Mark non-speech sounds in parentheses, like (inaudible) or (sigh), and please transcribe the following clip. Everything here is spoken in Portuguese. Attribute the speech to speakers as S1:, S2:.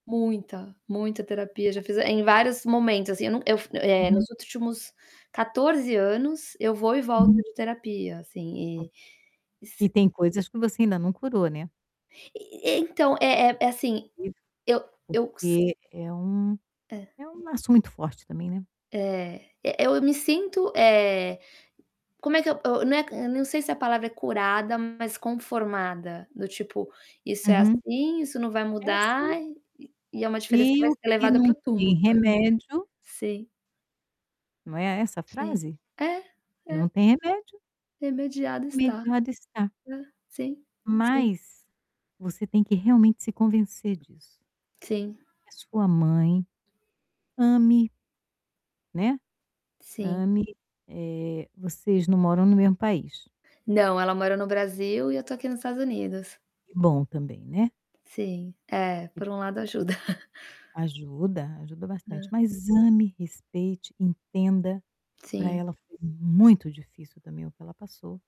S1: Muita, muita terapia,
S2: É.
S1: já fiz em vários momentos, assim, não eu não eu eh, nos
S2: Uhum.
S1: últimos 14 anos, eu vou e volto
S2: Uhum.
S1: de terapia,
S2: Ok.
S1: assim, e e sa
S2: E tem coisas que você ainda não curou, né.
S1: E e então, é é assim,
S2: Porque
S1: eu eu se
S2: porque é um
S1: É.
S2: é um laço muito forte também, né.
S1: É, e eu me sinto, eh, como é que eu eu né, eu não sei se a palavra é curada, mas conformada, do tipo: "Isso é
S2: Uhum.
S1: assim, isso não vai
S2: É assim.
S1: mudar, e e é uma diferença que
S2: E
S1: vai
S2: o
S1: ser
S2: que
S1: levada para
S2: não
S1: o
S2: tem
S1: túmulo".
S2: remédio
S1: Sim.
S2: Não é essa
S1: Sim.
S2: frase?
S1: É,
S2: O que não
S1: é.
S2: tem remédio
S1: Remediado está.
S2: remediado está.
S1: É. Sim, sim.
S2: Mas, você tem que realmente se convencer disso.
S1: Sim.
S2: É sua mãe, ame né,
S1: Sim.
S2: ame, eh, vocês não moram no mesmo país.
S1: Não, ela mora no Brasil e eu estou aqui nos Estados Unidos.
S2: Que bom também, né.
S1: Sim, é,
S2: (unintelligible)
S1: por um lado ajuda. (chuckles)
S2: Ajuda, ajuda bastante.
S1: Hã.
S2: Mas ame, respeite, entenda, para
S1: Sim.
S2: ela foi muito difícil também o que ela passou.